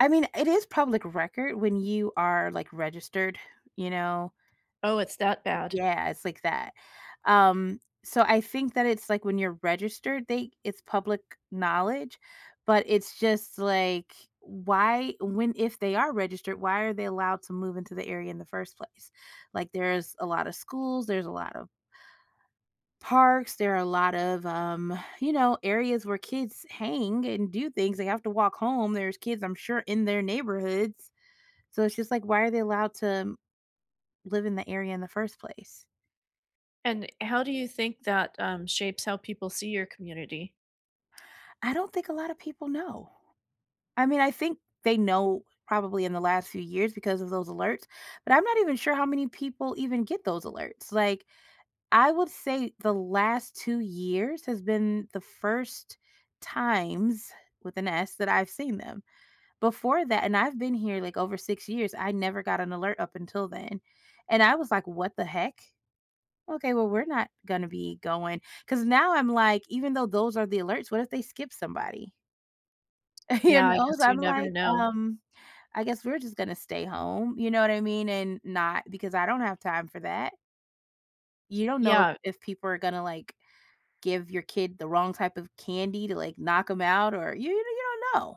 I mean, it is public record when you are, like, registered, you know? Oh, it's that bad? Yeah, it's like that um, so I think that it's, like, when you're registered, they it's public knowledge, but it's just, like, why when if they are registered, why are they allowed to move into the area in the first place? Like, there's a lot of schools, there's a lot of parks, there are a lot of, um, you know, areas where kids hang and do things. They have to walk home, there's kids, I'm sure, in their neighborhoods, so it's just, like, why are they allowed to live in the area in the first place? And how do you think that, um, shapes how people see your community? I don't think a lotta people know. I mean, I think they know probably in the last few years because of those alerts, but I'm not even sure how many people even get those alerts, like, I would say the last 2 years has been the first times with an S, that I've seen them. Before that and I've been here like over 6 years, I never got an alert up until then, and I was like, "What the heck?" Okay, well, we're not gonna be going 'cause now I'm like, even though those are the alerts, what if they skip somebody? Who Yeah, I knows? guess you I'm never like, know. um, "I guess we're just gonna stay home," you know what I mean? And not because I don't have time for that. You don't know Yeah. if people are gonna, like, give your kid the wrong type of candy to, like, knock 'em out or you you don't know.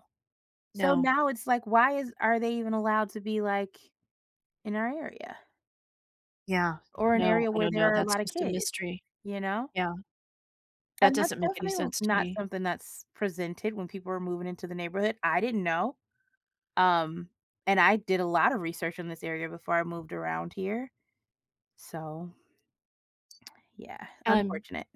So No. now it's like, why is are they even allowed to be, like, in our area? Yeah. Or an No, area I where don't there know, are a that's lot of just a kids? mystery. Ya know? Yeah. That And that's doesn't make any definitely sense to not me. something that's presented when people are moving into the neighborhood. I didn't know, um, and I did a lot of research in this area before I moved around here, so yeah, I'm unfortunate.